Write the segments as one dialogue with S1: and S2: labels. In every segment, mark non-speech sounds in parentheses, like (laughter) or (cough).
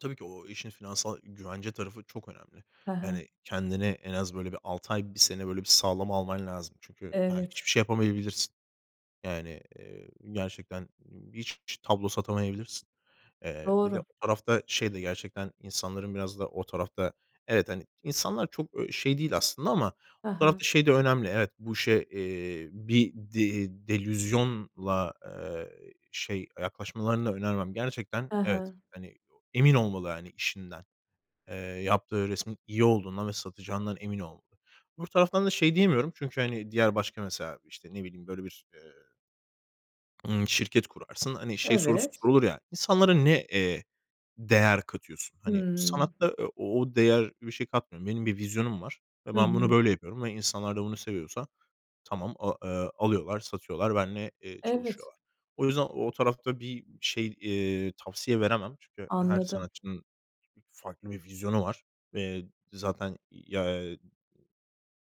S1: Tabii ki o işin finansal güvence tarafı çok önemli.
S2: Ha ha.
S1: Yani kendini en az, böyle, bir 6 ay, 1 sene, böyle, bir sağlama alman lazım. Çünkü, ha,
S2: Evet.
S1: hiçbir şey yapamayabilirsin. Yani, eee, gerçekten hiç ç tablo satamayabilirsin. Eee, bir de o
S2: Doğru.
S1: tarafta şey de gerçekten insanların biraz da o tarafta Evet, hani, insanlar çok ö şey değil aslında ama
S2: Ha
S1: bu tarafta
S2: ha.
S1: şey de önemli, evet, bu işe, eee, bir de delüzyonla, eee, şey yaklaşmalarını da önermem. Gerçekten,
S2: Ha
S1: evet,
S2: ha.
S1: hani, emin olmalı, hani, işinden. Eee, yaptığı resmin iyi olduğundan ve satacağından emin olmalı. Öbür taraftan da şey diyemiyorum Çünkü, hani, diğer başka, mesela, işte, ne bileyim, böyle bir, eee ımm şirket kurarsın, hani şey sorusu
S2: Evet.
S1: sorulur ya: İnsanlara ne, eee, değer katıyorsun? Hani,
S2: Hımm.
S1: sanatta, eee, o değer bir şey katmıyorum. Benim bir vizyonum var ve
S2: Hı
S1: ben bunu
S2: hı.
S1: böyle yapıyorum ve insanlar da bunu seviyorsa tamam, aaa, eee, alıyorlar, satıyorlar, benimle, eee,
S2: Evet.
S1: çalışıyorlar. O yüzden o tarafta bir şey, eee, tavsiye veremem. Çünkü her
S2: Anladım.
S1: sanatçının farklı bir vizyonu var ve zaten ya, eee,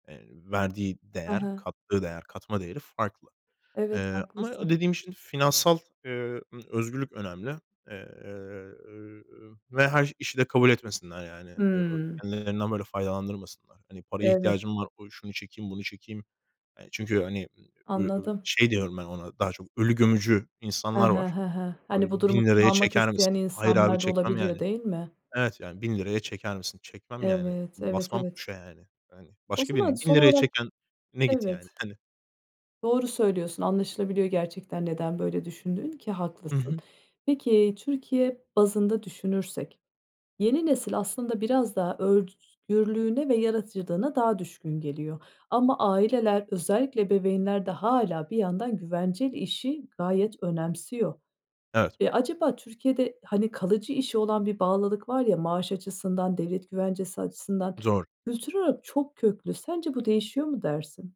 S1: eee, verdiği
S2: Ha
S1: değer,
S2: ha.
S1: kattığı değer, katma değeri farklı.
S2: Evet,
S1: Eee, ama
S2: haklısın.
S1: dediğim şimdi finansal, eee, ımm, (smacks lips) özgürlük önemli. Eee, ööö, ve her işi de kabul etmesinler yani. Eee, ööö,
S2: Hımm.
S1: kendilerinden böyle faydalandırmasınlar. Hani, paraya
S2: Evet.
S1: ihtiyacım var, dur şunu çekeyim, bunu çekeyim. Yani, çünkü, hani, ımm, ö ö
S2: Anladım.
S1: şey diyorum ben ona daha çok ölü gömücü
S2: He
S1: insanlar
S2: he,
S1: var.
S2: he he.
S1: Hani,
S2: Hani, bu durumu
S1: 1000 ₺'ya
S2: kullanmak
S1: çeker
S2: isteyen
S1: misin? Hayır abi!
S2: insanlar da
S1: Çekmem yani.
S2: olabiliyor, değil mi?
S1: Evet, yani, 1000 ₺'ya çeker misin? Çekmem yani.
S2: Evet, evet,
S1: Basmam
S2: evet.
S1: (unintelligible) yani yani.
S2: O
S1: Başka birine
S2: zaman
S1: bin
S2: son
S1: liraya
S2: olarak
S1: çekene git
S2: Evet.
S1: yani hani.
S2: Doğru söylüyorsun. Anlaşılabiliyor gerçekten neden böyle düşündüğün ki
S1: Hı
S2: haklısın.
S1: hı.
S2: Peki, Türkiye bazında düşünürsek, yeni nesil aslında biraz daha özgürlüğüne ve yaratıcılığına daha düşkün geliyor ama aileler, özellikle ebeveynler de hâlâ bir yandan güvenceli işi gayet önemsiyor.
S1: Evet.
S2: Eee, acaba Türkiye'de, hani, kalıcı işe olan bir bağlılık var ya maaş açısından, devlet güvencesi açısından,
S1: Zor.
S2: kültürel olarak çok köklü. Sence bu değişiyor mu dersin?